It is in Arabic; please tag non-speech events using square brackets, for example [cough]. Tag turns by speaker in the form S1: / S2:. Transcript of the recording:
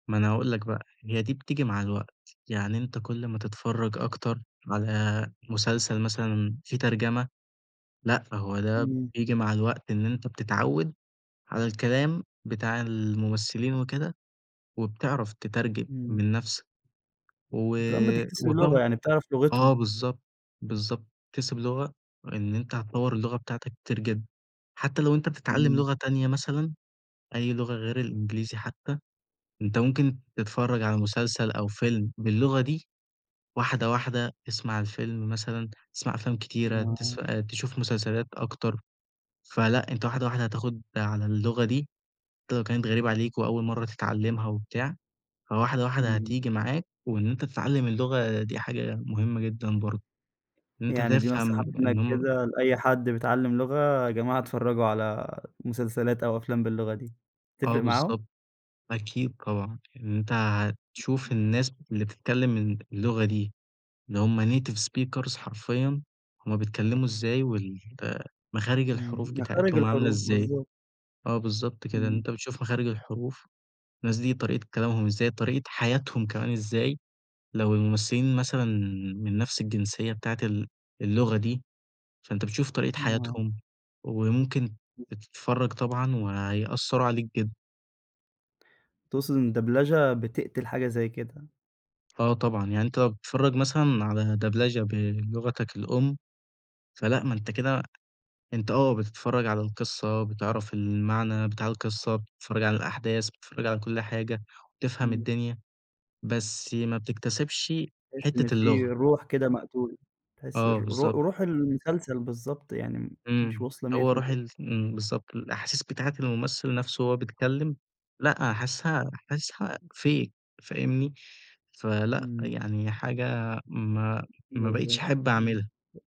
S1: ما أنا هاقول لك بقى، هي دي بتيجي مع الوقت يعني أنت كل ما تتفرّج أكتر، على مسلسل مثلًا في ترجمة، لأ، فهو ده
S2: إمم.
S1: بييجي مع الوقت إن أنت بتتعوّد على الكلام بتاع الممثلين وكده وبتعرف تترجم
S2: إمم.
S1: من نَفْسك، و
S2: وكمان بتكتسب لغة،
S1: وطبعًا
S2: يعني بتعرف
S1: آه
S2: لغتهم.
S1: بالضبط، بالضبط تكتسب لغة وإن أنت هتطوّر اللغة بتاعتك كتير جدًا، حتى لو أنت بتتعلم
S2: إمم.
S1: لغة تانية مثلًا أي لغة غير الإنجليزي حتى أنت ممكن تتفرّج على مسلسل أو فيلم باللغة دي، واحدة، واحدة، اسمع الفيلم مثلًا تسمع أفلام كتيرة
S2: [unintelligible]
S1: تسفأ تشوف مسلسلات أكتر فلأ أنت واحدة، واحدة هتاخد على اللغة دي، حتى لو كانت غريبة عليك وأول مرّة تتعلمها وبتاع فواحدة واحدة
S2: اهم.
S1: هتيجي معاك، وإن أنت تتعلم اللغة دي حاجة مهمة جدًا برضه، إن أنت
S2: يعني دي نصيحة
S1: تفهم إن
S2: منّك
S1: هُم
S2: كده لأي حد بيتعلم لغة يا جماعة اتفرّجوا على مسلسلات أو أفلام باللغة دي
S1: آه
S2: هتفرِق معاهم؟
S1: بالضبط، أكيد طبعًا إن أنت هتشوف الناس اللي بتتكلم ال اللغة دي اللي هُم native speakers حرفيًا هُم بيتكلموا إزاي وال مخارج
S2: إمم،
S1: الحروف
S2: مخارج
S1: بتاعتهم عاملة
S2: الحروف،
S1: إزاي،
S2: بالضبط.
S1: آه بالضبط كده، إن
S2: إمم.
S1: أنت بتشوف مخارج الحروف الناس دي طريقة كلامهم إزاي طريقة حياتهم كمان إزاي، لو الممثلين مثلًا من نَفْس الجنسية بتاعة ال اللغة دي فأنت بتشوف طريقة
S2: [unintelligible]
S1: حياتهم وممكن
S2: بالض
S1: بتتفرّج طبعًا وهيأثّروا عليك جدًا.
S2: تقصد إن الدبلجة بتقتل حاجة زي كده؟
S1: آه طبعًا، يعني أنت لو بتتفرّج مثلًا على دبلجة بلغتك الأم فلأ، ما أنت كده أنت آه، بتتفرّج على القصة بتعرف المعنى بتاع القصة بتتفرّج على الأحداث بتتفرّج على كل حاجة، وبتفهم
S2: إمم.
S1: الدنيا بس ما بتكتسبش
S2: تحس إن
S1: حتة
S2: في
S1: اللغة.
S2: روح كده مقتولة تحس
S1: آه
S2: الر رو
S1: بالضبط.
S2: روح المسلسل بالضبط يعني م مش
S1: إمم،
S2: واصلة ميّة
S1: هو
S2: في
S1: روح
S2: الميّة.
S1: ال إمم، بالضبط، الأحاسيس بتاعة الممثل نَفْسه وهو بيتكلم لأ، حاسسها حاسسها fake فاهمني؟ فلأ،
S2: إمم.
S1: يعني حاجة ما ما بقيتش
S2: بالضبط،
S1: أحب
S2: آه.
S1: أعملها.